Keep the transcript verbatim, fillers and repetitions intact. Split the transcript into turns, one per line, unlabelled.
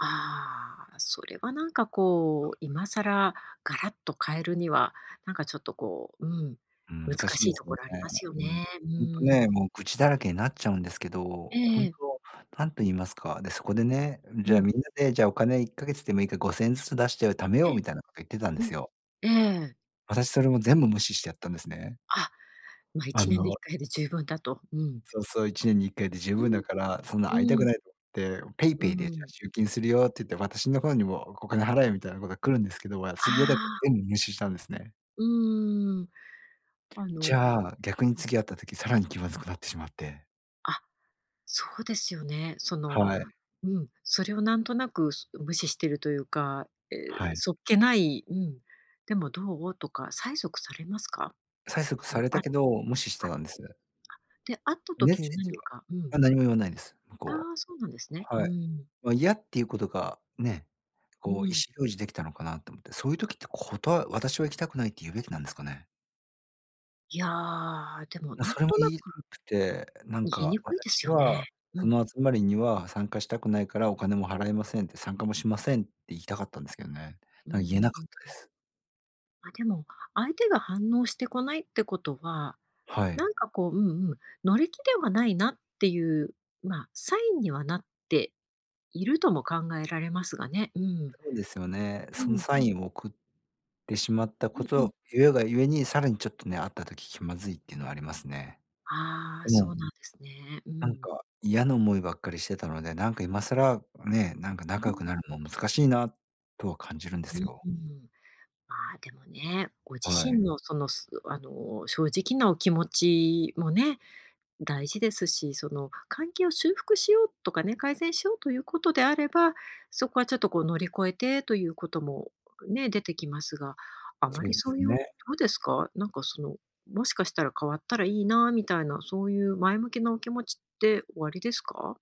ああ、それはなんかこう、今更ガラッと変えるには、なんかちょっとこう、うん、
うん、難
難
しい
しい
です
と
よ
こ
ね。
ろありますよ
うん。
ね、う
ほんと
ー
ね、
ん。
もう愚痴だらけになっちゃうんですけ
え
ど、
ええ
本
え。
当何と言いますか、で、そこでね、
う
じゃあ、
ん。
みんなで、じゃあ、お金いっかげつでもいいかごせんえんずつ出して、お貯めよ
え
う
え。
みたいなこけ言ってたんで
うん。
すよ。
ええ。
私それも全部無視してやったんですね。
あ、ま、い
あ
ちねんでいっ
の
かいで十分だと、うん。
そうそう、いちねんにいっかいで十
う
分
ん、
だから、そんな会いた
う
く
ん。
ないとって、ペイ
う
ペイでじ
ー
ゃあ、
ん。
集金するよって言って、私の方にも、おお金払えみたいなのが来るんですけど、わ
あ
し嫌だか
あ。
全部無視したんですね。
うーん、あ
じ
の
ゃあ、逆に
うん。
次会った時さらに気まずくなってしまって。
あ、そうですよね、その
はい。
うん、それをなんとなく、す無視してるというか、え、
はい。
そっけない、うん、でも「どう？」とか催促されますか？
催促
あ
さ
の、
れ
あ
た
あ
けど、無視して
あ、
たんです。
で、会った
メッ
時
セ
に
ージ
何
は
かうん。
あ、何も言わないです、向
あ
こ
あ、そうなんですね。
うは。
う
はい。
ん。
ま、嫌っていうことが、ね、
う
こう意思表
ん。
示できたのかな？と思って、そういう時ってことわ私は行きたくないって言うべきなんですかね？
いや、でも
な、
なん
それも
と
言
な
い
く
くて、なん
言いに
か
くいで
「私
すよね、
は
う
そ
ん。
の集まりには参加したくないからお金も払えません」って「参加もしません」って言いたかったんですけどね。
うー
なん言え
ん、
な
う
か
ん
ったで
うん。
す。
あ、でも、相手が反応してこないってことは、
は
な
い。
んかこう、うんうん、乗り気ではないなっていう、ま、サインにはなっているとも考えられますがね、うん。
そうですよね。
う
その
ん。
サインを送ってしまった
う
こ
んうん。
と、ゆえがゆえにさらにちょっとね、会った時気まずいっていうのはありますね。
ああ、
で
そ
も
うなんですね。う
なん
ん。
か、嫌な思いばっかりしてたので、なんか、今更、ね、なんか
う
仲
ん
良く
うん。
なるも難しいなとは感じるんで
う、
すよ。
うん。まあ、でもね、ご自
はい。
身のその、すあの、正直なお気持ちもね、大事ですし、その、関係を修復しようとかね、改善しようということであれば、そこはちょっとこう、乗り越えてということも、ね、出てきますが、あま
そう
り
で
そ
す
ういうど
ね。
うですか？なんか、その、もしかしたら変わったらいいなみたいな、そういう前向きなお気持ちっておありですか？